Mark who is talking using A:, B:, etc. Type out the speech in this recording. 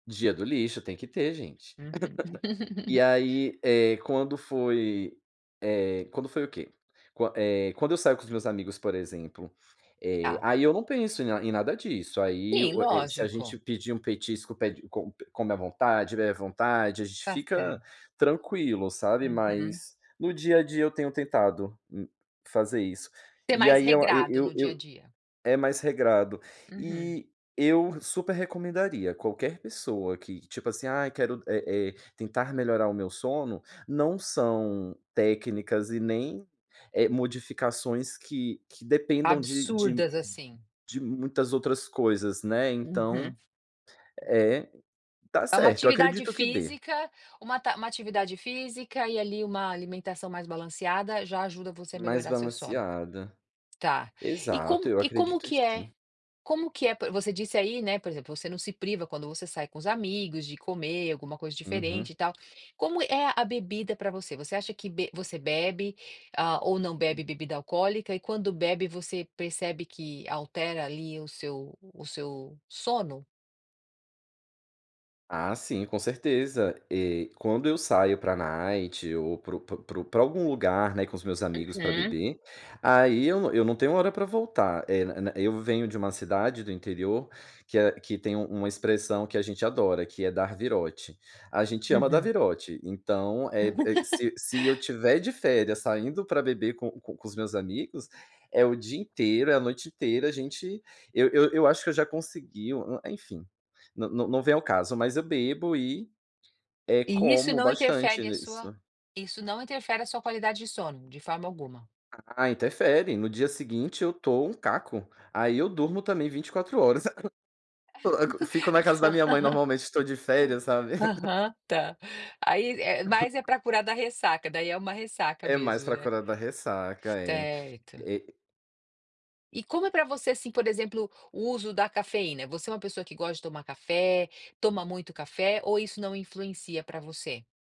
A: Dia do lixo, tem que ter, gente.
B: Uhum.
A: E aí, eh, quando foi, eh, quando foi o quê? Qua eh, quando eu saio com os meus amigos, por exemplo, eh,
B: Tá.
A: aí eu não penso em na em nada disso, aí
B: Sim,
A: o e se a gente
B: lógico.
A: pedir um petisco pede e com come à vontade, bebe à vontade, a gente
B: Tá
A: fica
B: certo.
A: tranquilo, sabe,
B: Uhum.
A: mas no dia a dia eu tenho tentado, hum, fazer isso.
B: Você é
A: E
B: mais
A: aí eu eu
B: regrado
A: eu
B: no dia a
A: eu
B: dia?
A: é mais regrado.
B: Uhum.
A: E eu super recomendaria qualquer pessoa que, tipo assim: "Ai quero eh eh, tentar melhorar o meu sono", não são técnicas e nem, eh, modificações que que dependam de de
B: Absurdas, assim.
A: de muitas outras coisas, né, então
B: Uhum.
A: É, tá
B: É uma
A: certo eu
B: atividade
A: acredito que dê.
B: física, uma ta uma atividade física e ali uma alimentação mais balanceada já ajuda você a
A: Mais
B: melhorar seu sono?
A: balanceada.
B: Tá, e
A: Exato,
B: como
A: eu
B: e como
A: acredito que
B: que é
A: sim.
B: como que é p você disse aí, né, por exemplo, você não se priva quando você sai com os amigos de comer alguma coisa diferente
A: Uhum.
B: e tal. Como é a bebida pra você? Você acha que be você bebe, ah, ou não bebe bebida alcoólica, e quando bebe, você percebe que altera ali o seu o seu sono?
A: Ah, sim com certeza. Eh, quando eu saio pra night ou pro pro pro pra algum lugar, né, com os meus amigos pra
B: Uhum.
A: beber, aí eu não eu não tenho hora pra voltar. Eh, na eu venho de uma cidade do interior que a que tem um uma expressão que a gente adora que é "dar virote". A gente ama dar
B: Uhum.
A: virote. Então, é é se se eu estiver de férias saindo pra beber com com com os meus amigos, é o dia inteiro, é a noite inteira, a gente eu eu acho que eu já consegui o enfim, não não vem ao caso, mas eu bebo e, eh,
B: E isso
A: como
B: não
A: bastante
B: interfere a sua
A: nisso.
B: isso não interfere a sua qualidade de sono de forma alguma?
A: Ah, interfere. No dia seguinte eu tô um caco, aí eu durmo também 24 horas. Coloco fico na casa da minha mãe, normalmente tô de férias, sabe.
B: Aham, tá. Aí é mais é pra curar da ressaca, daí é uma ressaca
A: É mais
B: mesmo,
A: pra
B: né.
A: curar da ressaca, é,
B: Certo.
A: eh
B: E como é pra você, assim, por exemplo o uso da cafeína? Você é uma pessoa que gosta de tomar café, toma muito café ou isso não influencia pra você?